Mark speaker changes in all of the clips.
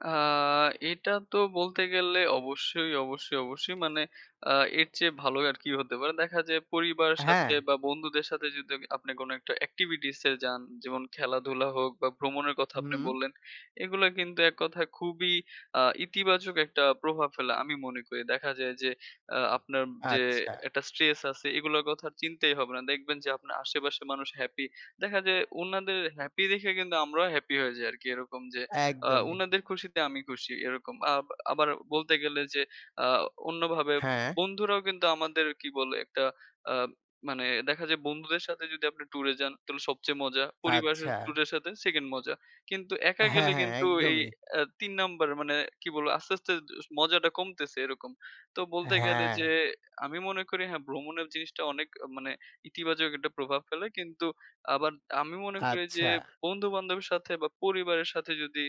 Speaker 1: আ এটা তো বলতে গেলে অবশ্যই, অবশ্যই, অবশ্যই মানে আ এর চেয়ে ভালো আর কি হতে পারে? দেখা যায় পরিবারের সাথে,
Speaker 2: হ্যাঁ।
Speaker 1: বা বন্ধুদের সাথে যদি আমি আপনি কোন একটা এক্টিভিটিসে যান, যেমন খেলাধুলা হোক, বা ভ্রমণের কথা আপনি
Speaker 2: হুম।
Speaker 1: বললেন, এগুলা কিন্তু এককথায় খুবই আ ইতিবাচক একটা প্রভাব ফেলে। আমি মনে করি। দেখা যায় যে আ আপনার যে
Speaker 2: আচ্ছা।
Speaker 1: একটা স্ট্রেস আছে এগুলার কথা চিন্তাই হবে না। দেখবেন যে আপনার আশেপাশের মানুষ হ্যাপি, দেখা যায় উনাদের হ্যাপি দেখে কিন্তু আমরাও হ্যাপি হয়ে যাই আরকি। এরকম যে আ
Speaker 2: একদমই।
Speaker 1: উনাদের খুশিতে আমি খুশি এরকম। আ আবার বলতে গেলে যে, আ অন্যভাবে
Speaker 2: হ্যাঁ।
Speaker 1: বন্ধুরাও কিন্তু আমাদের কি বলে? একটা আ মানে দেখা যায়, বন্ধুদের সাথে যদি আপনি ট্যুর এ যান তাহলে সবচেয়ে মজা, পরিবারের
Speaker 2: আচ্ছা।
Speaker 1: ট্যুর এর সাথে 2nd মজা কিন্তু একা
Speaker 2: হ্যাঁ,
Speaker 1: গেলে
Speaker 2: হ্যাঁ,
Speaker 1: কিন্তু এই
Speaker 2: একদমই।
Speaker 1: আ ৩ নাম্বার মানে কি বলবো? আস্তে, আস্তে এস মজাটা কমতেছে এরকম। তো বলতে গেলে, যে
Speaker 2: হ্যাঁ।
Speaker 1: আমি মনে করি হ্যাঁ, ভ্রমণের জিনিসটা অনেক মানে ইতিবাচক একটা প্রভাব ফেলে, কিন্তু আবার আমি মনে করি যে,
Speaker 2: আচ্ছা।
Speaker 1: বন্ধু-বান্ধবের সাথে, বা পরিবারের সাথে, যদি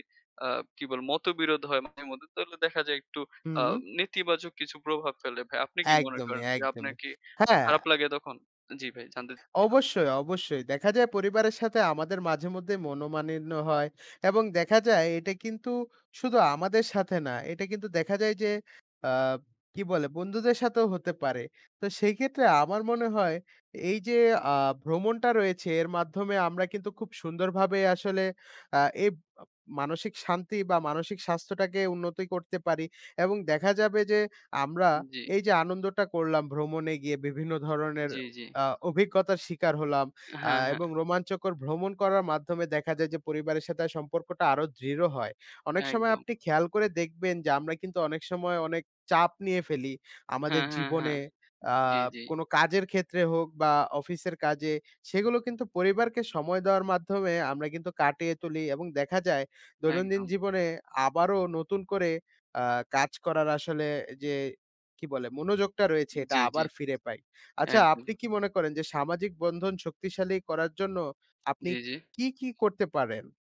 Speaker 1: আ কি বলে? মতবিরোধ হয় মাঝে মধ্যে, তাহলে দেখা যায় একটু আ
Speaker 2: হুম।
Speaker 1: নেতিবাচক কিছু প্রভাব ফেলে ভাই। আপনি কি মনে
Speaker 2: একদমই,
Speaker 1: করেন যে, আপনার
Speaker 2: একদমই,
Speaker 1: কি আ
Speaker 2: হ্যাঁ।
Speaker 1: খারাপ লাগে তখন? জি, ভাই জানতে চাচ্ছিলাম।
Speaker 2: অবশ্যই, অবশ্যই, দেখা যায় পরিবারের সাথে, আমাদের মাঝেমধ্যে মনমালিন্য হয় এবং দেখা যায় এটা কিন্তু শুধু আমাদের সাথে না। এটা কিন্তু দেখা যায় যে, আব কি বলে? বন্ধুদের সাথেও হতে পারে। তো সেই ক্ষেত্রে আমার মনে হয়, এই যে আ ভ্রমণটা রয়েছে এর মাধ্যমে আমরা কিন্তু খুব সুন্দরভাবে আসলে আ এই মা মানসিক শান্তি, বা মানসিক স্বাস্থ্যটাকে উন্নতি করতে পারি, এবং দেখা যাবে, যে আমরা
Speaker 1: উ জি।
Speaker 2: এই যে আনন্দটা করলাম ভ্রমণে গিয়ে, বিভিন্ন ধরনের
Speaker 1: জি, জি।
Speaker 2: আ অভিজ্ঞতার শিকার হলাম। আ
Speaker 1: হ্যাঁ, হ্যাঁ।
Speaker 2: এবং রোমাঞ্চকর ভ্রমণ করার মাধ্যমে দেখা যায় যে, পরিবারের সাথে সম্পর্কটা আরো দৃঢ় হয়। অনেক সময়
Speaker 1: একদম।
Speaker 2: আপনি খেয়াল করে দেখবেন যে, আমরা কিন্তু অনেক সময় অনেক চাপ নিয়ে ফেলি, আমাদের
Speaker 1: হ্যাঁ, হ্যাঁ, হ্যাঁ,
Speaker 2: জীবনে। আ
Speaker 1: জি, জি।
Speaker 2: কোন কাজের ক্ষেত্রে হোক, বা অফিসের কাজে, সেগুলো কিন্তু পরিবারকে সময় দেওয়ার মাধ্যমে আমরা কিন্তু কাটিয়ে তুলি, এবং দেখা যায় দৈনন্দিন
Speaker 1: একদম।
Speaker 2: জীবনে আবারো নতুন করে আ কাজ করার আসলে যে কি বলে? মনোযোগটা রয়েছে এটা
Speaker 1: জি, জি,
Speaker 2: আবার ফিরে পাই। আচ্ছা,
Speaker 1: একদম।
Speaker 2: আপনি কি মনে করেন যে, সামাজিক বন্ধন শক্তিশালী করার জন্য আপনি
Speaker 1: জি, জি।
Speaker 2: কী, কী করতে পারেন?